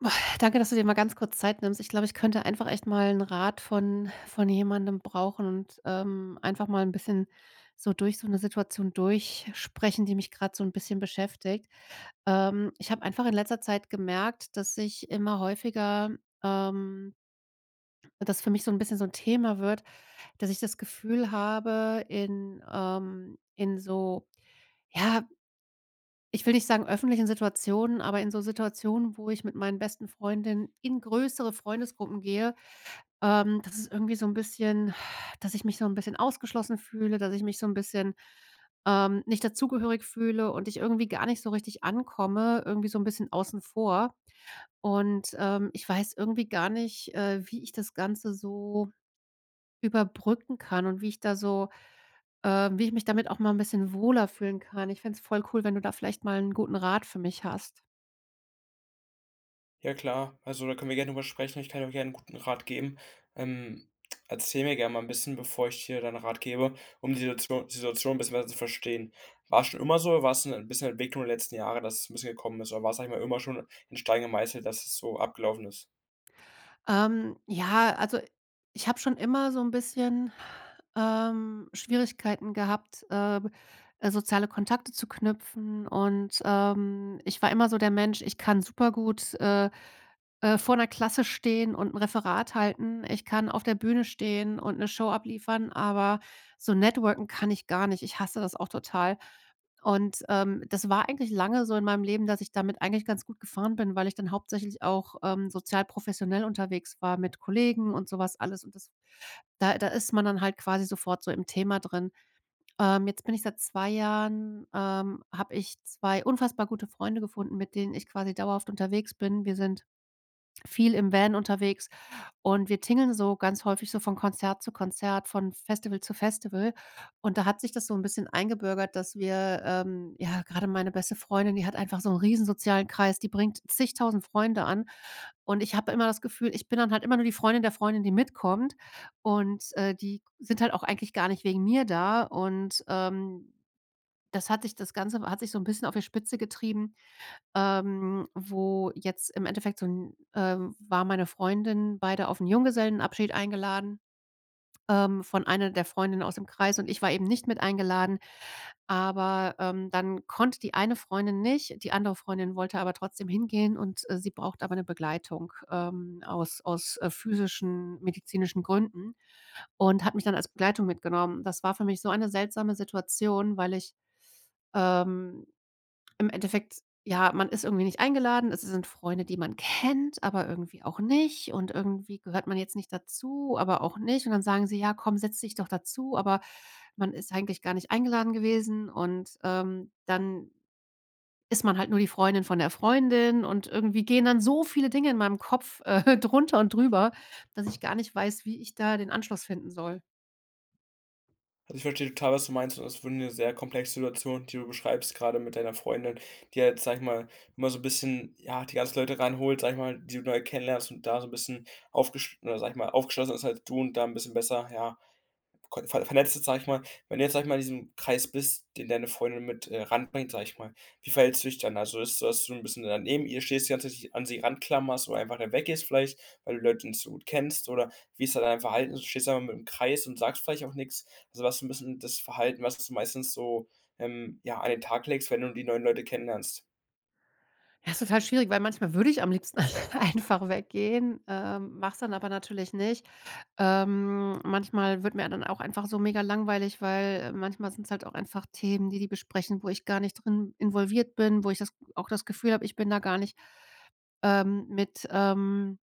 Danke, dass du dir mal ganz kurz Zeit nimmst. Ich glaube, ich könnte einfach echt mal 'n Rat von von jemandem brauchen und, ähm, einfach mal 'n bisschen so durch so 'ne Situation durchsprechen, die mich gerade so 'n bisschen beschäftigt. Ähm, ich habe einfach in letzter Zeit gemerkt, dass ich immer häufiger, ähm das für mich so 'n bisschen so 'n Thema wird, dass ich das Gefühl habe, in, ähm in so ja, ich will nicht sagen öffentlichen Situationen, aber in so Situationen, wo ich mit meinen besten Freundinnen in größere Freundesgruppen gehe, ähm, das ist irgendwie so 'n bisschen dass ich mich so 'n bisschen ausgeschlossen fühle, dass ich mich so 'n bisschen, ähm, nicht dazugehörig fühle und ich irgendwie gar nicht so richtig ankomme, irgendwie so ein bisschen außen vor. Und, ähm, ich weiß irgendwie gar nicht, äh, wie ich das Ganze so überbrücken kann und wie ich da so, ähm wie ich mich damit auch mal 'n bisschen wohler fühlen kann. Ich fände es voll cool, wenn du da vielleicht mal 'n guten Rat für mich hast. Ja klar. Also, da können wir gerne darüber sprechen. Ich kann auch gerne 'n guten Rat geben. Ähm, erzähl mir gerne mal 'n bisschen, bevor ich dir da 'n Rat gebe, um die Situation die Situation bisschen besser zu verstehen. War es schon immer so, oder war es 'n bisschen Entwicklung der letzten Jahre, dass es 'n bisschen gekommen ist, oder war, sage ich mal immer schon in Stein gemeißelt, dass es so abgelaufen ist? Ähm, äh, ja, also, ich habe schon immer so 'n bisschen, ähm, Schwierigkeiten gehabt, äh, äh, soziale Kontakte zu knüpfen. Und, ähm, ich war immer so der Mensch, ich kann super gut, äh, äh, vor der Klasse stehen und 'n Referat halten. Ich kann auf der Bühne stehen und 'ne Show abliefern, aber so networken kann ich gar nicht. Ich hasse das auch total. Und, ähm, das war eigentlich lange so in meinem Leben, dass ich damit eigentlich ganz gut gefahren bin, weil ich dann hauptsächlich auch, ähm, sozial professionell unterwegs war mit Kollegen und sowas alles und das da da ist man dann halt quasi sofort so im Thema drin. Ähm, jetzt bin ich seit 2 Jahren ähm, habe ich 2 unfassbar gute Freunde gefunden, mit denen ich quasi dauerhaft unterwegs bin. Wir sind viel im Van unterwegs und wir tingeln so ganz häufig so von Konzert zu Konzert, von Festival zu Festival. Und da hat sich das so 'n bisschen eingebürgert, dass wir ähm, ja gerade meine beste Freundin, die hat einfach so 'n riesen sozialen Kreis, die bringt zig tausend Freunde an und ich habe immer das Gefühl, ich bin dann halt immer nur die Freundin der Freundin, die mitkommt und, äh, die g sind halt auch eigentlich gar nicht wegen mir da und, ähm, das hat sich das Ganze hat sich so 'n bisschen auf der Spitze getrieben, ähm, wo jetzt im Endeffekt so 'n äh, war meine Freundin, beide auf 'n Junggesellenabschied eingeladen, ähm, von einer der Freundinnen aus dem Kreis. Und ich war eben nicht mit eingeladen. Aber, ähm, dann konnte die eine Freundin nicht, die andere Freundin wollte aber trotzdem hingehen und, äh, sie braucht aber 'ne Begleitung. Ähm, aus aus, äh, physischen medizinischen Gründen und hat mich dann als Begleitung mitgenommen. Das war für mich so eine seltsame Situation, weil ich, ähm, im Endeffekt, ja, man ist irgendwie nicht eingeladen. Es sind Freunde, die man kennt, aber irgendwie auch nicht. Und irgendwie gehört man jetzt nicht dazu, aber auch nicht. Und dann sagen sie ja, komm, setz dich doch dazu. Aber man ist eigentlich gar nicht eingeladen gewesen. Und, ähm, dann ist man halt nur die Freundin von der Freundin. Und irgendwie gehen dann so viele Dinge in meinem Kopf drunter und drüber, dass ich gar nicht weiß, wie ich da den Anschluss finden soll. Also, ich verstehe total, was du meinst. Und das ist wirklich 'ne sehr komplexe Situation, die du beschreibst. Gerade mit deiner Freundin, die halt, sage ich mal immer so 'n bisschen, ja, die ganzen Leute reinholt, sage ich mal, die du neu kennenlernst und da so 'n bisschen aufgesch oder sage ich mal aufgeschlossener ist, als du und da 'n bisschen besser, ja, co ver vernetzten sage ich mal. Wenn du jetzt sage ich mal in diesem Kreis bist, den deine Freundin mit, äh, ran bringt, sage ich mal. Wie verhältst du dich dann? Also, ist dass du 'n bisschen da neben ihr stehst, die ganze Zeit dich an sie ran klammerst, oder einfach mal weggehst vielleicht, weil du die Leute nicht so gut kennst, oder wie ist da dein Verhalten? Stehst du da einfach mitten im Kreis und sagst vielleicht auch nichts? Also, was ist 'n bisschen das Verhalten, was du meistens so, ähm, ja, an den Tag legst, wenn du die neuen Leute kennenlernst? Ja, ist total schwierig, weil manchmal würde ich am liebsten einfach weggehen, ähm, mache es dann aber natürlich nicht. Ähm, manchmal wird mir dann auch einfach so mega-langweilig, weil, äh, manchmal sind es halt auch einfach Themen, die die besprechen, wo ich gar nicht drin involviert bin, wo ich das auch das Gefühl habe, ich bin da gar nicht, ähm, mit, ähm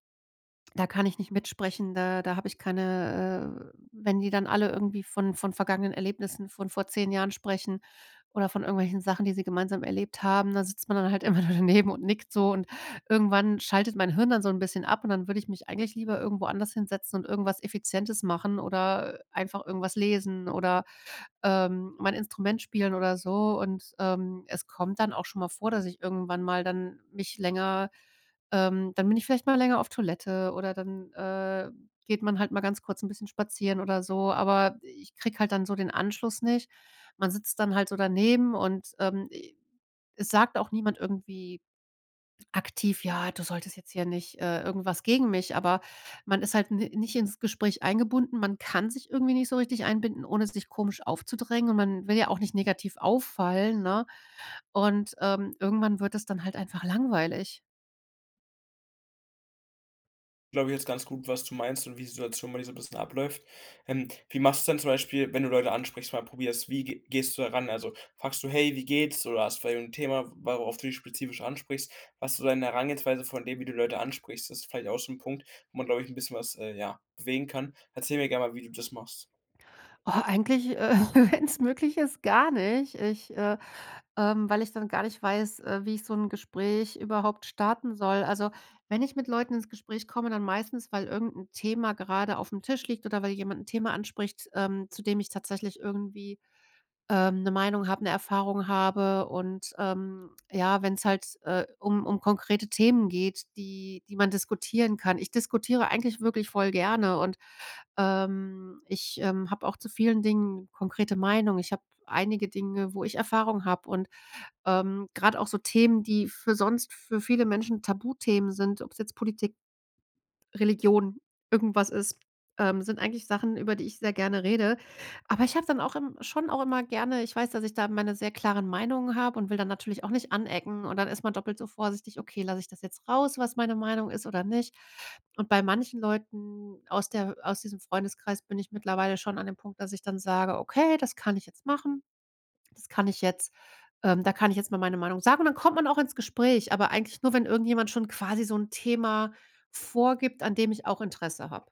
da kann ich nicht mitsprechen, da da habe ich keine, äh, äh wenn die dann alle irgendwie von von vergangenen Erlebnissen von vor 10 Jahren sprechen oder von irgendwelchen Sachen, die sie gemeinsam erlebt haben, da sitzt man dann halt immer nur daneben und nickt so. Und irgendwann schaltet mein Hirn dann so 'n bisschen ab und dann würde ich mich eigentlich lieber irgendwo anders hinsetzen und irgendwas Effizientes machen oder, äh, einfach irgendwas lesen oder, ähm, mein Instrument spielen oder so. Und, ähm, es kommt dann auch schon mal vor, dass ich irgendwann mal dann mich länger, ähm dann bin ich vielleicht mal länger auf Toilette, oder dann, äh, geht man halt mal ganz kurz 'n bisschen spazieren oder so. Aber ich kriege halt dann so den Anschluss nicht. Man sitzt dann halt so daneben und, ähm, e es sagt auch niemand irgendwie aktiv: „Ja, du solltest jetzt hier nicht "Äh, irgendwas gegen mich. Aber man ist halt n nicht ins Gespräch eingebunden. Man kann sich irgendwie nicht so richtig einbinden, ohne sich komisch aufzudrängen. Und man will ja auch nicht negativ auffallen, ne? Und, ähm, irgendwann wird das dann halt einfach langweilig. Glaube ich jetzt ganz gut, was du meinst und wie die Situation bei dir so 'n bisschen abläuft. Ähm. Wie machst denn zum Beispiel, wenn du Leute ansprichst, mal probierst, wie ge gehst du da ran? Also, fragst du: „Hey, wie geht's?“ Oder hast vielleicht 'n Thema, worauf du die spezifisch ansprichst? Was du da in der Herangehensweise von dem, wie du Leute ansprichst. Das ist vielleicht auch so 'n Punkt, wo man, glaube ich, 'n bisschen was, äh, ja, bewegen kann. Erzähl mir gerne mal, wie du das machst. Oh, eigentlich, äh, wenn's möglich ist, gar nicht. Ich, äh, ähm weil ich dann gar nicht weiß, äh, wie ich so 'n Gespräch überhaupt starten soll. Also, wenn ich mit Leuten ins Gespräch komme, dann meistens, weil irgendein Thema gerade aufm Tisch liegt oder weil jemand 'n Thema anspricht, ähm, zu dem ich tatsächlich irgendwie, ähm, 'ne Meinung habe, 'ne Erfahrung habe. Und, ähm, ja, wenn's halt, äh, um um konkrete Themen geht, die die man diskutieren kann. Ich diskutiere eigentlich wirklich voll gerne und, ähm, ich, ähm, habe auch zu vielen Dingen konkrete Meinung. Ich habe einige Dinge, wo ich Erfahrung habe. Und, ähm, gerade auch so Themen, die für sonst für viele Menschen Tabuthemen sind. Ob's jetzt Politik, Religion irgendwas ist, ähm, sind eigentlich Sachen, über die ich sehr gerne rede. Aber ich habe dann auch im schon auch immer gerne ich weiß, dass ich da meine sehr klaren Meinungen habe und will dann natürlich auch nicht anecken und dann ist man doppelt so vorsichtig: „Okay, lasse ich das jetzt raus, was meine Meinung ist oder nicht?“ Und bei manchen Leuten aus der aus diesem Freundeskreis bin ich mittlerweile schon an dem Punkt, dass ich dann sage: „Okay, das kann ich jetzt machen. Das kann ich jetzt, ähm da kann ich jetzt mal meine Meinung sagen.“ Und dann kommt man auch ins Gespräch. Aber eigentlich nur, wenn irgendjemand schon quasi so 'n Thema vorgibt, an dem ich auch Interesse habe.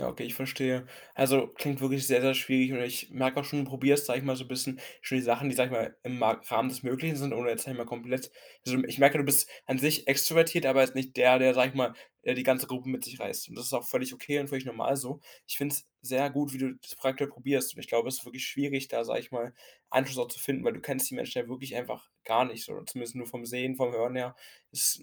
Ja, okay, ich verstehe. Also, klingt wirklich sehr, sehr schwierig. Und ich merke auch schon, du probierst, sage ich mal so 'n bisschen schon die Sachen, die sage ich mal im Ma Rahmen des Möglichen sind, oder jetzt sage ich mal komplett sind. Ich merke, du bist an sich extrovertiert, aber jetzt nicht der, der, sage ich mal, äh, die ganze Gruppe mit sich reißt. Und das ist auch völlig okay und völlig normal so. Ich finde es sehr gut, wie du das prakt probierst. Ich glaube, es ist wirklich schwierig, da, sage ich mal, Anschluss auch zu finden, weil du kennst die Menschen ja wirklich einfach gar nicht so zumindest nur vom Sehen, vom Hören her, ist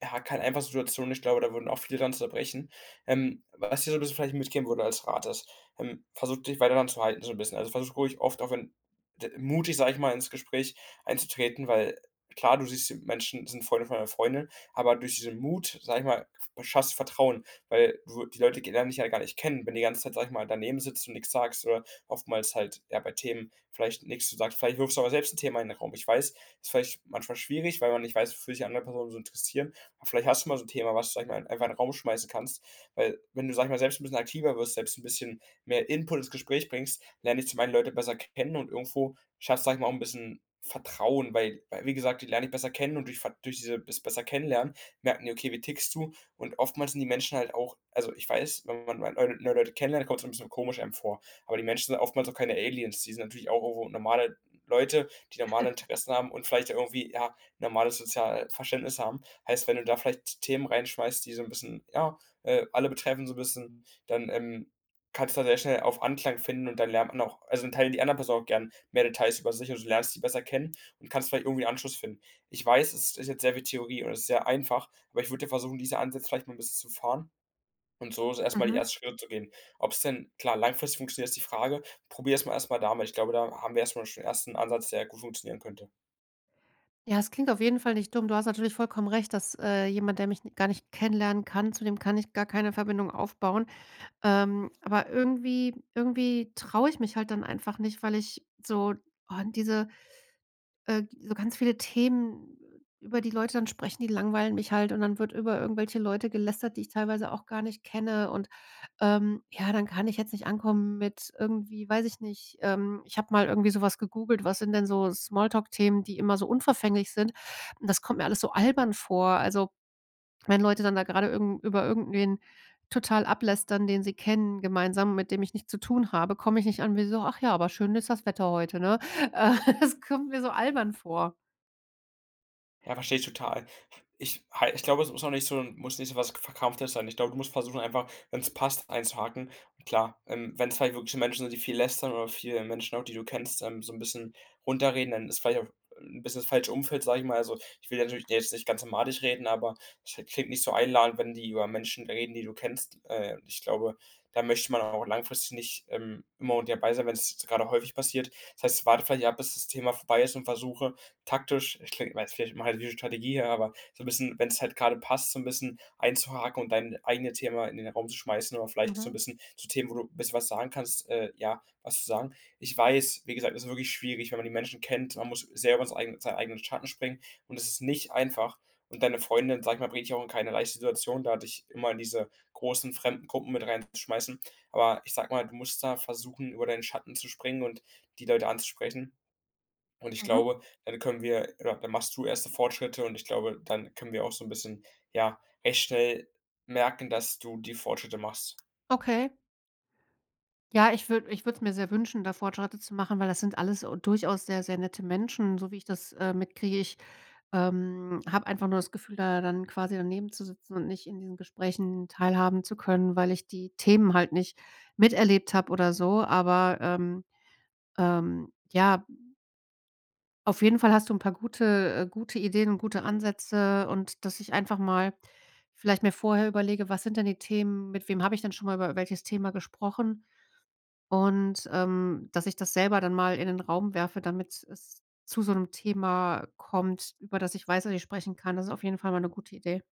ja keine einfache Situation. Ich glaube, da würden auch viele daran zerbrechen. Ähm, was ich dir so bisschen vielleicht mitgeben würde als Rat ist, ähm, versuche dich weiter daran zu halten, so 'n bisschen. Also, versuche ruhig oft auch wenn d mutig sein, sage ich mal ins Gespräch einzutreten, weil klar, du siehst die Menschen sind Freunde von deiner Freundin. Aber durch diesen Mut, sage ich mal, f schaffst du Vertrauen, weil du die Leute g lernen dich ja gar nicht kennen, wenn du die ganze Zeit, sage ich mal daneben sitzt und nix sagst oder oftmals halt eher bei Themen vielleicht nix sagst. Vielleicht wirfst du mal selbst 'n Thema in 'n Raum. Ich weiß, ist vielleicht manchmal schwierig, weil man nicht weiß, wofür sich andere Personen so interessieren. Aber vielleicht hast du mal so 'n Thema, was du sage ich mal einfach in 'n Raum schmeißen kannst, weil wenn du sage ich mal selbst 'n bisschen aktiver wirst, selbst 'n bisschen mehr Input ins Gespräch bringst, lernen dich zum Einen Leute besser kennen und irgendwo schaffst, sage ich mal auch 'n bisschen Vertrauen, weil weil wie gesagt, die lernen dich besser kennen und durch Ve durch diese das besser kennenlernen merken die: „Okay, wie tickst du?“ Und oftmals sind die Menschen halt auch also, ich weiß, wenn man mal neue Leu neue Leute kennenlernt, kommt es ein bisschen komisch einem vor. Aber die Menschen sind oftmals auch keine Aliens. Die sind natürlich auch irgendwo normale Leute, die normale Interessen haben und vielleicht irgendwie, ja, normales Sozialverständnis haben. Heißt, wenn du da vielleicht T Themen reinschmeißt, die so 'n bisschen ja, äh, alle betreffen, so 'n bisschen, dann, ähm, kannst du da sehr schnell auf Anklang finden. Und dann lernt man auch also, dann teilen die anderen Person auch gern mehr Details über sich. Und du lernst sie besser kennen und kannst vielleicht irgendwie Anschluss finden. Ich weiß, es ist jetzt sehr viel Theorie und es ist sehr einfach, aber ich würde versuchen, diese Ansätze vielleicht mal 'n bisschen zu fahren. Und so ist es erstmal die Mhm. ersten Schritte zu gehen. Ob es denn, klar, langfristig funktioniert, ist die Frage, probiere es mal erstmal damit, ich glaube, da haben wir erstmal schon den 1. Ansatz, der gut funktionieren könnte. Ja, das klingt auf jeden Fall nicht dumm. Du hast natürlich vollkommen recht, dass, äh, jemand, der mich gar nicht kennenlernen kann. Zudem kann ich gar keine Verbindung aufbauen. Ähm, aber irgendwie irgendwie traue ich mich halt dann einfach nicht, weil ich so. Oh, diese, äh so ganz viele Themen über die Leute dann sprechen, die langweilen mich halt. Und dann wird über irgendwelche Leute gelästert, die ich teilweise auch gar nicht kenne und, ähm ja, dann kann ich jetzt nicht ankommen mit irgendwie, weiß ich nicht. Ähm, ich habe mal irgendwie sowas gegoogelt. Was sind denn so Small-Talk-Themen, die immer so unverfänglich sind. Und das kommt mir alles so albern vor. Also, wenn Leute dann da grade irgend über irgendwen total ablästern, den sie kennen, gemeinsam, mit dem ich nichts zu tun habe, komme ich nicht an, wie so: „Ach ja, aber schön ist das Wetter heute, ne?" Äh, das kommt mir so albern vor. Ja, verstehe ich total. Ich ha ich glaube, es muss auch nicht so muss nicht so was Verkrampftes sein. Ich glaube, du musst versuchen einfach, wenn's passt einzuhaken. Und klar, ähm, wenn es halt wirklich Menschen sind, die viel lästern oder viele Menschen auch, die du kennst, ähm so 'n bisschen runterreden, dann ist vielleicht auch, äh, 'n bisschen das falsche Umfeld, sage ich mal. Also, ich will natürlich dir jetzt nicht ganz madig reden, aber es klingt nicht so einladend, wenn die über Menschen reden, die du kennst. Äh, ich glaube, da möchte man dann auch langfristig nicht, ähm, immer und dabei sein, wenn es jetzt gerade häufig passiert. Das heißt, warte vielleicht ab, bis das Thema vorbei ist und versuche, taktisch das klingt [unintelligible] halt wie 'ne Strategie, aber so 'n bisschen wenn's halt grade passt, so 'n bisschen einzuhaken und dein eigene Thema in den Raum zu schmeißen oder vielleicht auch so 'n Mhm. bisschen zu Themen, wo du 'n bisschen was sagen kannst äh, ja, was zu sagen. Ich weiß, wie gesagt, es ist wirklich schwierig, wenn man die Menschen kennt. Man muss selber [unintelligible] seinen eigenen Schatten springen und es ist nicht einfach. Und deine Freundin, sage ich mal, bringt dich auch in keine leichte Situation, da dich immer diese großen fremden Gruppen mit rein zu schmeißen. Aber ich sage mal, du musst da versuchen, über deinen Schatten zu springen und die Leute anzusprechen. Und ich Mhm. glaube, dann können wir ja, dann machst du erste Fortschritte und ich glaube, dann können wir auch so 'n bisschen, ja, recht schnell merken, dass du die Fortschritte machst. Okay. Ja, ich würde ich würde es mir sehr wünschen, da Fortschritte zu machen, weil das sind alles u durchaus sehr, sehr nette Menschen, so wie ich das, äh, mitkriege. Ich, ähm, habe einfach nur das Gefühl, da dann quasi daneben zu sitzen und nicht in diesen Gesprächen teilhaben zu können, weil ich die Themen halt nicht miterlebt habe, oder so, aber, ähm, ähm, ja. Auf jeden Fall hast du 'n paar gute, äh gute Ideen und gute Ansätze. Und, dass ich einfach mal vielleicht mir vorher überlege, was sind denn die Themen, mit wem habe ich denn schon mal über welches Thema gesprochen und, ähm, dass ich das selber dann mal in den Raum werfe, damit es zu so 'nem Thema kommt, über das ich weiß, was ich sprechen kann. Das ist auf jeden Fall mal 'ne gute Idee.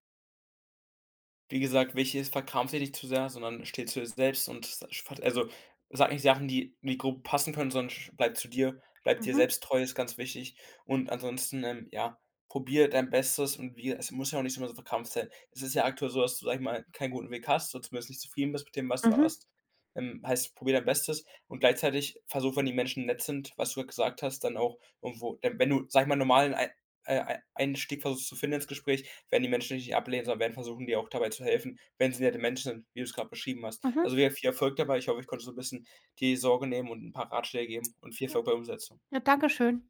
Wie gesagt, wichtig ist verkrampfe dich nicht zu sehr, sondern stehe zu dir selbst und [unintelligible] also sag nicht Sachen, die die grob passen können, sondern sch bleibt zu dir. Bleibe dir Mhm. selbst treu ist, ganz wichtig. Und ansonsten, ähm, ja, probiere dein Bestes und wie es muss ja auch nicht immer so verkrampft sein. Es ist ja aktuell so, dass du, sage ich mal keinen guten Weg hast, oder zumindest nicht zufrieden bist mit dem, was du Mhm. hast. Ähm, heißt probiere dein Bestes. Und gleichzeitig versuche, wenn die Menschen nett sind, was du gesagt hast, dann auch irgendwo äh, wenn du, sage mal normalen ei äh, ei Einstieg versuchst zu finden ins Gespräch, werden die Menschen nicht ablehnen, sondern werden versuchen, dir auch dabei zu helfen, wenn sie nette Menschen sind, wie du es gerade beschrieben hast. Mhm. Also, wir viel Erfolg dabei. Ich hoffe, ich konnte so 'n bisschen die Sorge nehmen und 'n paar Ratschläge geben und viel Ja. Erfolg bei Umsetzung. Ja, Dankeschön.